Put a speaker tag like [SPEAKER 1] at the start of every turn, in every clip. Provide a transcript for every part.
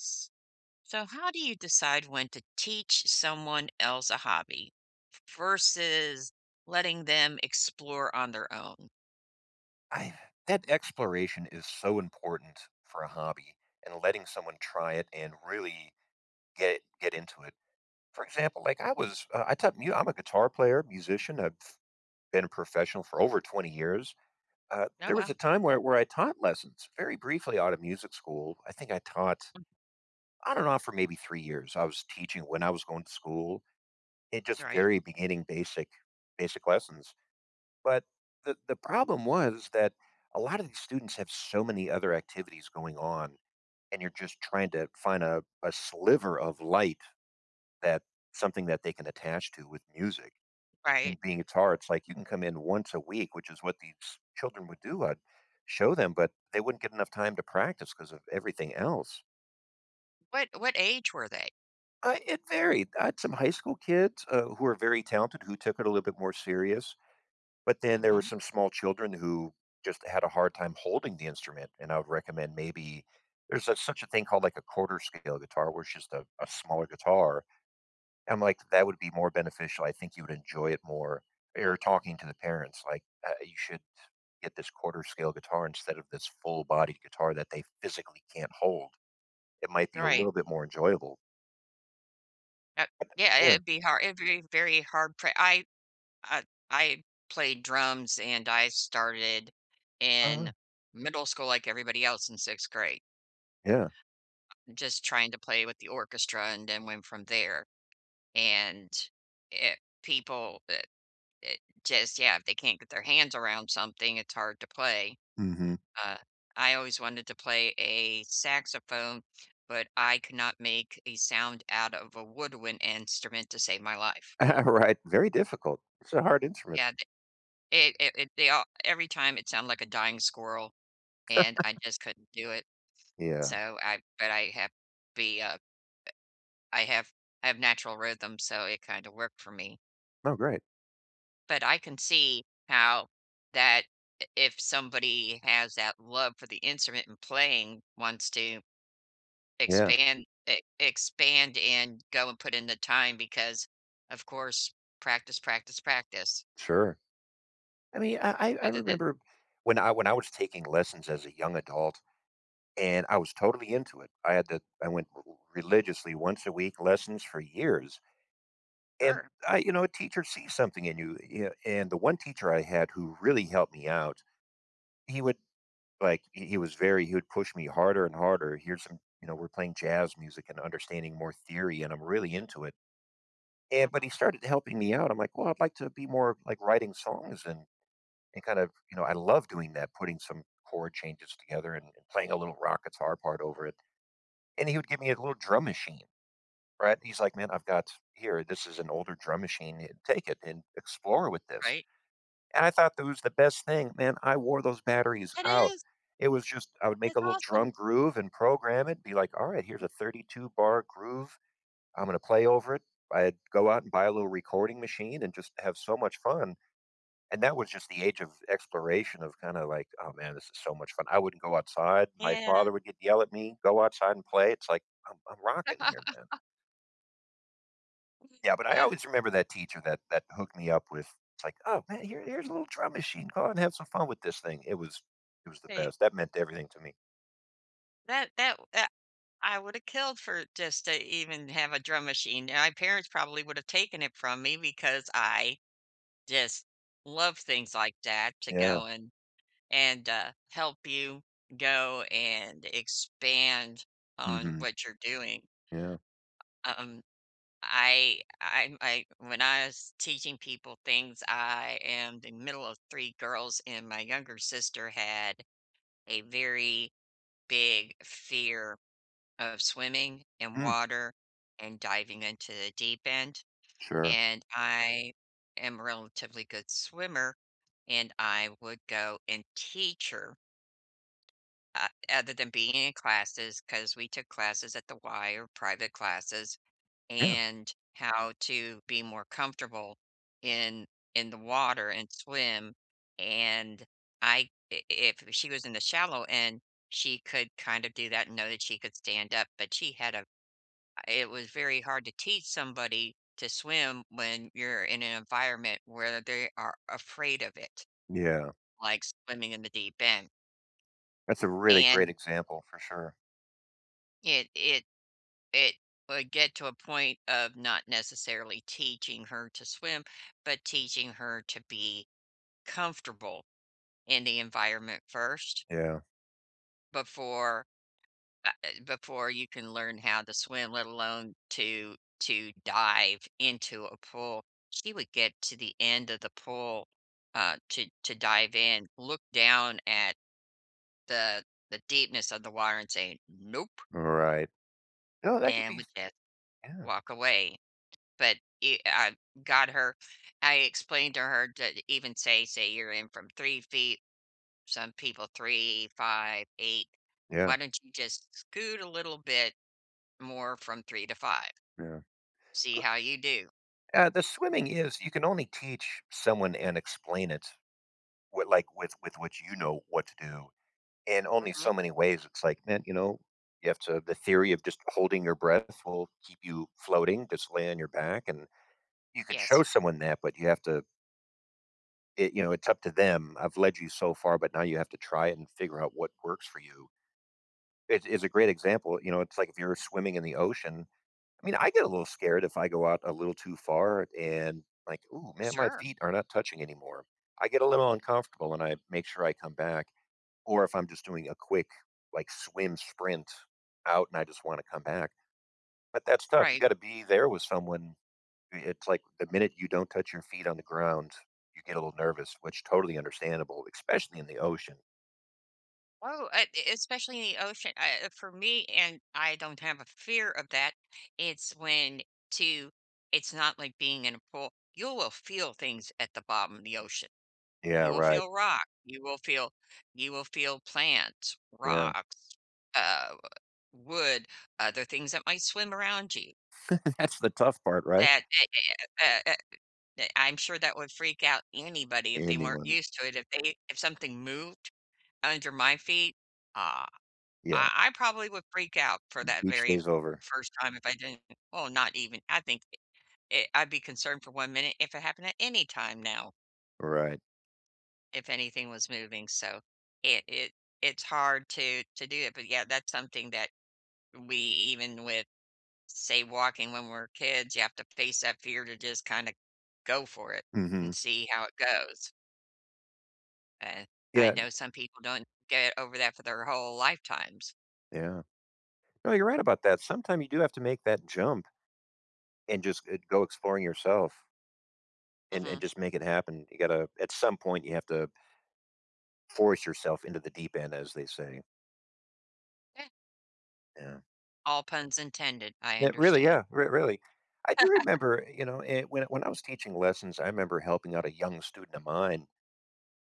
[SPEAKER 1] S So how do you decide when to teach someone else a hobby v versus letting them explore on their own?
[SPEAKER 2] I've that exploration is so important for a hobby and letting someone try it and really get get into it. For example, like, I was uh, I taught mu I'm a guitar player, musician, I've been a professional for over 20 years. Uh,
[SPEAKER 1] Oh,
[SPEAKER 2] there was
[SPEAKER 1] wow.
[SPEAKER 2] a time where where I taught lessons very briefly out of music school, I think I taught, on and off, for maybe 3 years, I was teaching when I was going to school, it just
[SPEAKER 1] Right.
[SPEAKER 2] very beginning basic basic lessons, but the the problem was that a lot of these students have so many other activities going on, and you're just trying to find a a sliver of light that something that they can attach to with music,
[SPEAKER 1] Right.
[SPEAKER 2] and being guitar, it's, like, you can come in once a week, which is what these children would do, I'd show them, but they wouldn't get enough time to practice 'cause of everything else.
[SPEAKER 1] What what age were they?
[SPEAKER 2] I It varied, I had some high school kids, uh, who were very talented, who took it a little bit more serious, but then there were
[SPEAKER 1] Mhm.
[SPEAKER 2] some small children who just had a hard time holding the instrument, and I would recommend maybe there's such such a thing called, like a quarter scale guitar where it's just a a smaller guitar, I'm like, "That would be more beneficial, I think you would enjoy it more." Er, you're talking to the parents like, "Uh, you should get this quarter scale guitar instead of this full body guitar that they physically can't hold. It might be a
[SPEAKER 1] Right.
[SPEAKER 2] little bit more enjoyable."
[SPEAKER 1] Uh, yeah. I I
[SPEAKER 2] Yeah.
[SPEAKER 1] it'd be hard. It'd be very hard for I, uh, I played drums, and I started
[SPEAKER 2] Uh-huh.
[SPEAKER 1] in middle school like everybody else in 6th grade.
[SPEAKER 2] Yeah.
[SPEAKER 1] Just trying to play with the orchestra and then went from there, and, eh, people, eh eh just yeah. If they can't get their hands around something, it's hard to play.
[SPEAKER 2] Mhm.
[SPEAKER 1] Uh, I always wanted to play a saxophone, but I could not make a sound out of a woodwind instrument to save my life.
[SPEAKER 2] Right. Very difficult. It's a hard instrument.
[SPEAKER 1] Yea, they It it it they all every time it sound like a dying squirrel, and I just couldn't do it,
[SPEAKER 2] Yeah.
[SPEAKER 1] so I but I have be, uh I have I have natural rhythm, so it kinda worked for me.
[SPEAKER 2] Oh, great.
[SPEAKER 1] But I can see how that i if somebody has that love for the instrument and playing, wants to
[SPEAKER 2] Yeah.
[SPEAKER 1] expand, e expand and go and put in the time because, of course, practice, practice, practice.
[SPEAKER 2] Sure. I mean, I I I
[SPEAKER 1] Rather than
[SPEAKER 2] remember when I when I was taking lessons as a young adult, and I was totally into it, I had to I went r r religiously once a week, lessons for years and
[SPEAKER 1] Sure.
[SPEAKER 2] I you know, a teacher sees something in you, you know, and the one teacher I had who really helped me out, he would, like he he was very he would push me harder and harder, here's some you know, we're playing jazz music and understanding more theory, and I'm really into it, and
[SPEAKER 1] Mhm.
[SPEAKER 2] but he started helping me out. I'm like, "Well, I'd like to be more, like, writing songs and and kind of" you know, I love doing that, putting some chord changes together and and playing a little rock guitar part over it, and he would give me a little drum machine. Right? He's like, "Man, I've got here, this is an older drum machine and Take it and explore with this."
[SPEAKER 1] Right?
[SPEAKER 2] and I thought that was the best thing. Man, I wore those batteries
[SPEAKER 1] It
[SPEAKER 2] out.
[SPEAKER 1] is!
[SPEAKER 2] It was just I would make a
[SPEAKER 1] That's
[SPEAKER 2] little drum
[SPEAKER 1] awesome!
[SPEAKER 2] groove and program it, be like, "Alright, here's a 32-bar groove. Imma play over it." I'd go out and buy a little recording machine and just have so much fun, and that was just the age of exploration of kinda like, "Oh man, this is so much fun." I wouldn't go outside, my
[SPEAKER 1] Yeah.
[SPEAKER 2] father would get yell at me, "Go outside and play." it's like, "I'm I'm rocking here, man." Yeah, but I
[SPEAKER 1] Ah.
[SPEAKER 2] always remember that teacher that that hooked me up with it's like, "Oh, man, here here's a little drum machine, go on and have some fun with this thing. It was it was the
[SPEAKER 1] Wait
[SPEAKER 2] best. That meant everything to me.
[SPEAKER 1] That that that I woulda killed for just to even have a drum machine, and my parents probably would have taken it from me because I just love things like that to
[SPEAKER 2] Yeah.
[SPEAKER 1] go and and, uh, help you go and expand on
[SPEAKER 2] Mhm.
[SPEAKER 1] what you're doing.
[SPEAKER 2] Yeah.
[SPEAKER 1] Uh um, I I'm I when I was teaching people things I am the middle of 3 girls, and my younger sister had a very big fear of swimming in
[SPEAKER 2] Mm.
[SPEAKER 1] water and diving into the deep end.
[SPEAKER 2] Sure.
[SPEAKER 1] And I am relatively good swimmer, and I would go and teach her. O other than being in classes, 'cause we took classes at the Y or private classes
[SPEAKER 2] Yeah.
[SPEAKER 1] and how to be more comfortable in in the water and swim. And I i if she was in the shallow end, she could kind of do that and know that she could stand up, but she had a it was very hard to teach somebody to swim when you're in an environment where they are afraid of it,
[SPEAKER 2] Yeah.
[SPEAKER 1] like swimming in the deep end.
[SPEAKER 2] That's a really
[SPEAKER 1] And
[SPEAKER 2] great example for sure.
[SPEAKER 1] It it it would get to a point of not necessarily teaching her to swim, but teaching her to be comfortable in the environment first
[SPEAKER 2] Yeah.
[SPEAKER 1] before, ah, uh, before you can learn how to swim, let alone to to dive into a pool. She would get to the end of the pool, uh, to to dive in, look down at the the deepness of the water and say, "Nope."
[SPEAKER 2] Right. No, that could
[SPEAKER 1] And
[SPEAKER 2] be f
[SPEAKER 1] would just
[SPEAKER 2] yeah.
[SPEAKER 1] walk away. But e I got her I explained to her to even say say you're in from 3 ft. Some people, 3, 5, 8.
[SPEAKER 2] Yeah.
[SPEAKER 1] Why don't you just scoot a little bit more from 3 to 5?
[SPEAKER 2] Yeah,
[SPEAKER 1] See
[SPEAKER 2] c
[SPEAKER 1] how you do.
[SPEAKER 2] Ah the swimming is you can only teach someone and explain it what, like, with with which you know what to do in only so
[SPEAKER 1] Mhm.
[SPEAKER 2] many ways, it's like, man, you know, you have to the theory of just holding your breath will keep you floating, just lay on your back, and you could
[SPEAKER 1] Yes.
[SPEAKER 2] show someone that, but you have to i you know, it's up to them. "I've led you so far, but now you have to try it and figure out what works for you." It is a great example. You know, it's like if you're swimming in the ocean I mean, I get a little scared if I go out a little too far and like, "Ooh, man, my
[SPEAKER 1] Sure.
[SPEAKER 2] feet are not touching anymore." I get a little uncomfortable and I make sure I come back or if I'm just doing a quick like swim sprint out and I just wanna come back. But that's tough, you
[SPEAKER 1] Right.
[SPEAKER 2] gotta be there with someone. I it's like the minute you don't touch your feet on the ground, you get a little nervous, which totally understandable, especially in the ocean.
[SPEAKER 1] Oh, eh eh especially in ocean, uh, for me and I don't have a fear of that. It's when to it's not like being in a pool. You will feel things at the bottom of the ocean.
[SPEAKER 2] Yeah,
[SPEAKER 1] You will
[SPEAKER 2] right.
[SPEAKER 1] feel rock, you will feel you will feel plants,
[SPEAKER 2] Yeah.
[SPEAKER 1] rocks, uh, wood, other things that might swim around you.
[SPEAKER 2] That's the tough part, right?
[SPEAKER 1] That a a a uh uh uh that I'm sure that would freak out anybody if they weren't
[SPEAKER 2] Anyone.
[SPEAKER 1] used to it, if they if something moved under my feet, uh,
[SPEAKER 2] Yeah.
[SPEAKER 1] I I probably would freak out for that
[SPEAKER 2] Beach
[SPEAKER 1] very
[SPEAKER 2] day's over.
[SPEAKER 1] first time if I didn't Well, not even. I think, eh, I'd be concerned for 1 minute if it happened at any time now
[SPEAKER 2] Right.
[SPEAKER 1] if anything was moving, so, it it it's hard to to do it. But, yeah, that's something that we even with, say, walking when we're kids, you have to face that fear to just kinda go for it and
[SPEAKER 2] Mhm.
[SPEAKER 1] see how it goes and
[SPEAKER 2] Yeah
[SPEAKER 1] I
[SPEAKER 2] and
[SPEAKER 1] know some people don't get over that for their whole lifetimes.
[SPEAKER 2] Yeah. No, you're right about that, sometime you do have to make that jump and just g go exploring yourself and and
[SPEAKER 1] Mhm.
[SPEAKER 2] just make it happen. You gotta at some point, you have to force yourself into the deep end, as they say.
[SPEAKER 1] Yeah.
[SPEAKER 2] Yeah.
[SPEAKER 1] All puns intended, I
[SPEAKER 2] But really,
[SPEAKER 1] understand.
[SPEAKER 2] yeah, r really. I do remember, you know, eh, when when I was teaching lessons, I remember helping out a young student of mine,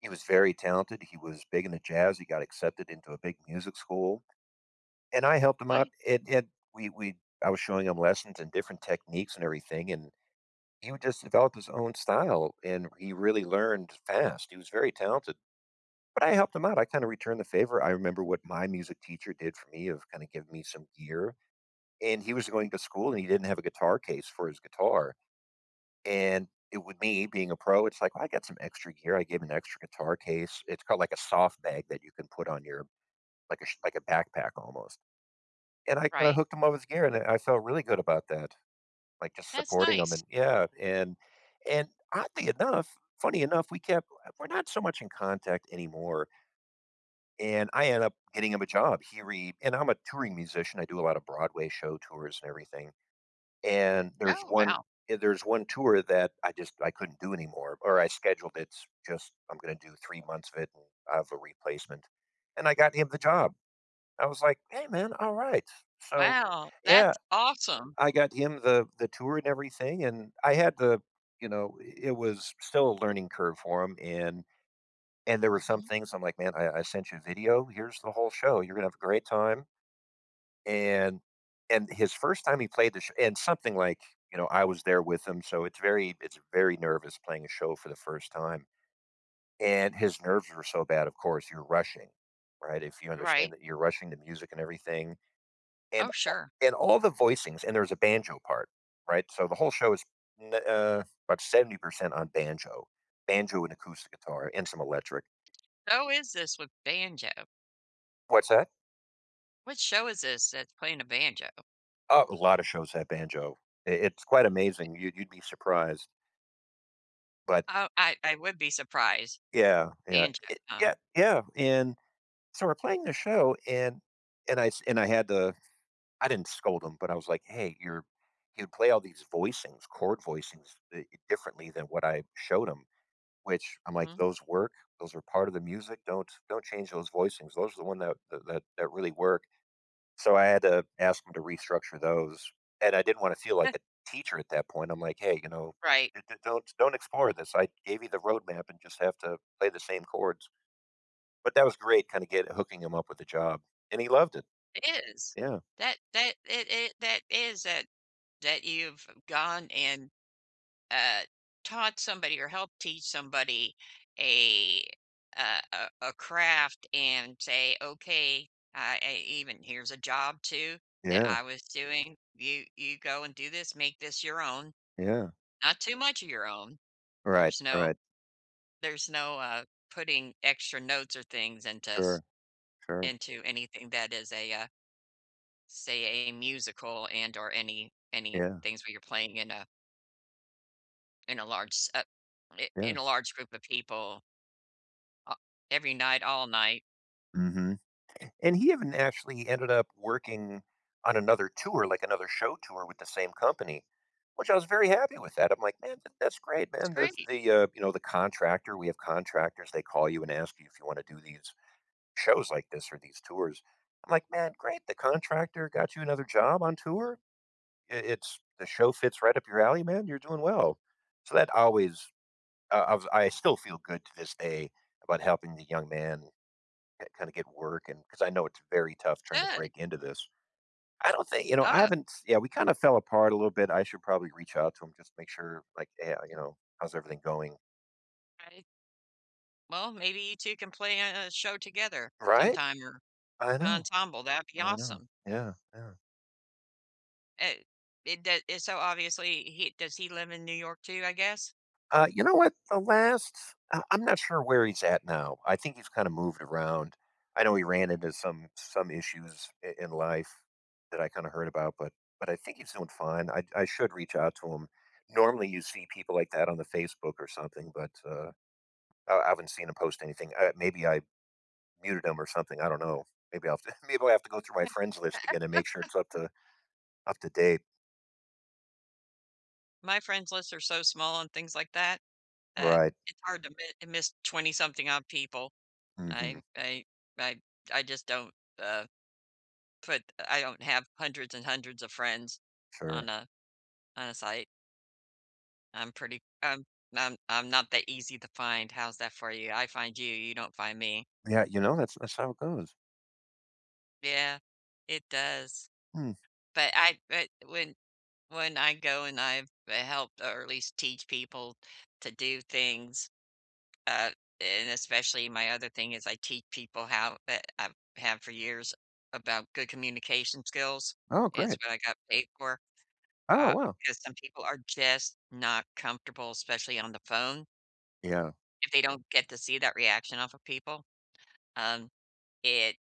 [SPEAKER 2] he was very talented, he was big into jazz, he got accepted into a big music school, and I helped him out.
[SPEAKER 1] Right.
[SPEAKER 2] It it we we I was showing him lessons and different techniques and everything, and he would just develop his own style, and he really learned fast. He was very talented. But I helped him out, I kinda returned the favor. I remember what my music teacher did for me of kinda giving me some gear, and he was going to school, and he didn't have a guitar case for his guitar, and it would me, being a pro, it's like, I got some extra gear. I gave him an extra guitar case. It's called like a soft bag that you can put on your like a like a backpack almost. And I kinda
[SPEAKER 1] Right.
[SPEAKER 2] hooked him up with gear, and I felt really good about that, like, just
[SPEAKER 1] That's
[SPEAKER 2] supporting him and
[SPEAKER 1] nice.
[SPEAKER 2] yeah. And and oddly enough, funny enough, we kept we're not so much in contact anymore. And I end up getting him a job He re and I'm a touring musician, I do a lot of Broadway show tours and everything, and there's
[SPEAKER 1] Oh!
[SPEAKER 2] one
[SPEAKER 1] Wow.
[SPEAKER 2] eh, there's one tour that I just, I couldn't do anymore, or I scheduled it's just I'm gonna do 3 months of it, and I have a replacement, and I got him the job.
[SPEAKER 1] Mhm.
[SPEAKER 2] I was like, "Hey man, alright!" So
[SPEAKER 1] Wow!
[SPEAKER 2] yeah,
[SPEAKER 1] That's awesome!
[SPEAKER 2] I got him the the tour and everything, and I had the you know, i it was still a learning curve for him, and and there were some
[SPEAKER 1] Mhm.
[SPEAKER 2] things I'm like, "Man, I I sent you a video. Here's the whole show. You're gonna have a great time." And and his first time he played the sh and something like, you know, I was there with him, so, it's very it's very nervous playing a show for the first time, and, his nerves were so bad, of course, you're rushing, right? If you understand
[SPEAKER 1] Right.
[SPEAKER 2] that you're rushing the music and everything. And
[SPEAKER 1] Oh,
[SPEAKER 2] al
[SPEAKER 1] sure.
[SPEAKER 2] and all the voicings and there's a banjo part, right? So, the whole show is, n uh about 70% on banjo banjo and acoustic guitar, and some electric.
[SPEAKER 1] How is this with banjo?
[SPEAKER 2] What's that?
[SPEAKER 1] Which show is this that's playing a banjo?
[SPEAKER 2] Oh, a lot of shows have banjo. I it's quite
[SPEAKER 1] It
[SPEAKER 2] amazing, you'd you'd be surprised. But
[SPEAKER 1] Oh, I I would be surprised.
[SPEAKER 2] Yeah, yeah,
[SPEAKER 1] Banjo,
[SPEAKER 2] it
[SPEAKER 1] huh?
[SPEAKER 2] yeah, yeah, and, so we're playing the show, and and I s and I had to I didn't scold him, but I was like, "Hey, you're you'll play all these voicings" chord voicings di differently than what I showed him, which I'm like,
[SPEAKER 1] Mhm.
[SPEAKER 2] "Those work, those are part of the music, don't don't change those voicings, those are the one that that that that really work." So I had to ask him to restructure those, and I didn't wanna feel like a teacher at that point, I'm like, "Hey, you know,
[SPEAKER 1] Right.
[SPEAKER 2] d d don't ex don't explore this. I gave you the road map and just have to play the same chords," but that was great kinda get hooking him up with the job, and he loved it.
[SPEAKER 1] It is.
[SPEAKER 2] Yeah.
[SPEAKER 1] That that it it that is that that you've gone and, uh, taught somebody or helped teach somebody a, uh, a a craft and say, "Okay, I e even here's a job too that
[SPEAKER 2] Yeah.
[SPEAKER 1] I was doing. You you go and do this, make this your own,
[SPEAKER 2] Yeah.
[SPEAKER 1] not too much of your own."
[SPEAKER 2] Right,
[SPEAKER 1] There's no
[SPEAKER 2] right.
[SPEAKER 1] there's no, uh, putting extra notes or things into s
[SPEAKER 2] Sure, sure.
[SPEAKER 1] into anything that is a, uh say, a musical and or any any
[SPEAKER 2] Yeah.
[SPEAKER 1] things where you're playing in a in a large, s uh, in
[SPEAKER 2] Yeah.
[SPEAKER 1] in a large group of people a every night, all night.
[SPEAKER 2] Mhm, and he even actually ended up working on another tour, like another show tour with the same company, which I was very happy with that, I'm like, "Man, tha that's great.
[SPEAKER 1] It's
[SPEAKER 2] Man, there's
[SPEAKER 1] great.
[SPEAKER 2] the, uh, you know, the contractor, we have contractors, they call you and ask you if you wanna do these shows like this or these tours." I'm like, "Man, great, the contractor got you another job on tour? I it's the show fits right up your alley, man, you're doing well." So that always uh, I was I still feel good to this day about helping the young man, uh, kinda get work and 'cause I know it's very tough
[SPEAKER 1] It
[SPEAKER 2] trying to
[SPEAKER 1] should.
[SPEAKER 2] break into this. I don't thi you know, I
[SPEAKER 1] Uh
[SPEAKER 2] haven't Yeah, we kinda fell apart a little bit, I should probably reach out to him just to make sure, like, "Hey, uh, you know, how's everything going?"
[SPEAKER 1] Right. Well, maybe you 2 can play in a show together
[SPEAKER 2] Right?
[SPEAKER 1] sometime or
[SPEAKER 2] I
[SPEAKER 1] an
[SPEAKER 2] know.
[SPEAKER 1] ensemble, that'd be
[SPEAKER 2] I know.
[SPEAKER 1] awesome.
[SPEAKER 2] Yeah, yeah.
[SPEAKER 1] It it doe and so obviously he does he live in New York too, I guess?
[SPEAKER 2] Uh, you know what? The last uh, I'm not sure where he's at now. I think he's kinda moved around. I know he ran into some some issues i in life that I kinda heard about, but but I think he's doing fine. I I should reach out to him. Normally, you see people like that on the Facebook or something, but, uh uh, I haven't seen him post anything, uh, maybe I muted him or something, I don't know. Maybe I'll have to maybe I'll have to go through my friends list again and make sure it's up to up to date.
[SPEAKER 1] My friends lists are so small on things like that, uh,
[SPEAKER 2] Right.
[SPEAKER 1] it's hard to mi miss twenty-something, odd people. I
[SPEAKER 2] Mhm.
[SPEAKER 1] I I I just don't, uh, put I don't have hundreds and hundreds of friends on
[SPEAKER 2] Sure.
[SPEAKER 1] a on a site. I'm pretty I'm I'm I'm not that easy to find, how's that for you? I find you, you don't find me.
[SPEAKER 2] Yeah, you know, that's that's how it goes.
[SPEAKER 1] Yeah, it does.
[SPEAKER 2] Hmm.
[SPEAKER 1] But I eh, when when I go and I've helped or, at least teach people to do things, uh and, especially my other thing is I teach people how eh I have for years, about good communication skills,
[SPEAKER 2] Oh,
[SPEAKER 1] it's
[SPEAKER 2] great.
[SPEAKER 1] what I got paid for,
[SPEAKER 2] Oh,
[SPEAKER 1] uh,
[SPEAKER 2] wow.
[SPEAKER 1] 'cause some people are just not comfortable, especially on the phone.
[SPEAKER 2] Yeah.
[SPEAKER 1] If they don't get to see that reaction off of people, um, it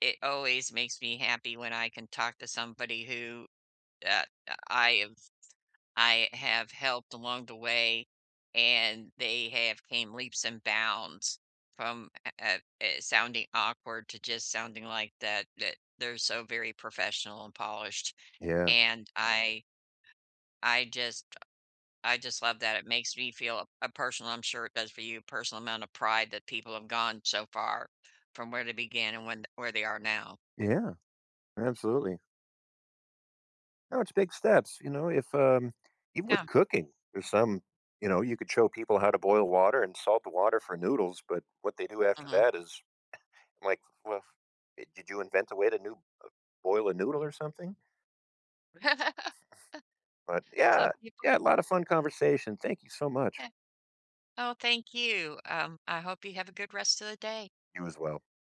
[SPEAKER 1] it always makes me happy when I can talk to somebody who, uh, I I've I have helped along the way, and they have came leaps and bounds from uh uh uh uh, sounding awkward to just sounding like that that they're so very professional and polished.
[SPEAKER 2] Yeah.
[SPEAKER 1] And I I just I just love that, it makes me feel a a personal- I'm sure it does for you- personal amount of pride that people have gone so far from where they began and when where they are now.
[SPEAKER 2] Yeah, absolutely. No, it's big steps, you know? If, um even with
[SPEAKER 1] Yeah.
[SPEAKER 2] cooking, there's some you know, you could show people how to boil water and salt the water for noodles, but what they do after
[SPEAKER 1] Mhm.
[SPEAKER 2] that is, like well if eh, did you invent a way to new uh, boil a noodle or something? But
[SPEAKER 1] Some
[SPEAKER 2] yeah,
[SPEAKER 1] people
[SPEAKER 2] yeah, a lot of fun conversation, thank you so much.
[SPEAKER 1] 'Kay. Oh, thank you, um, I hope you have a good rest of the day.
[SPEAKER 2] You as well.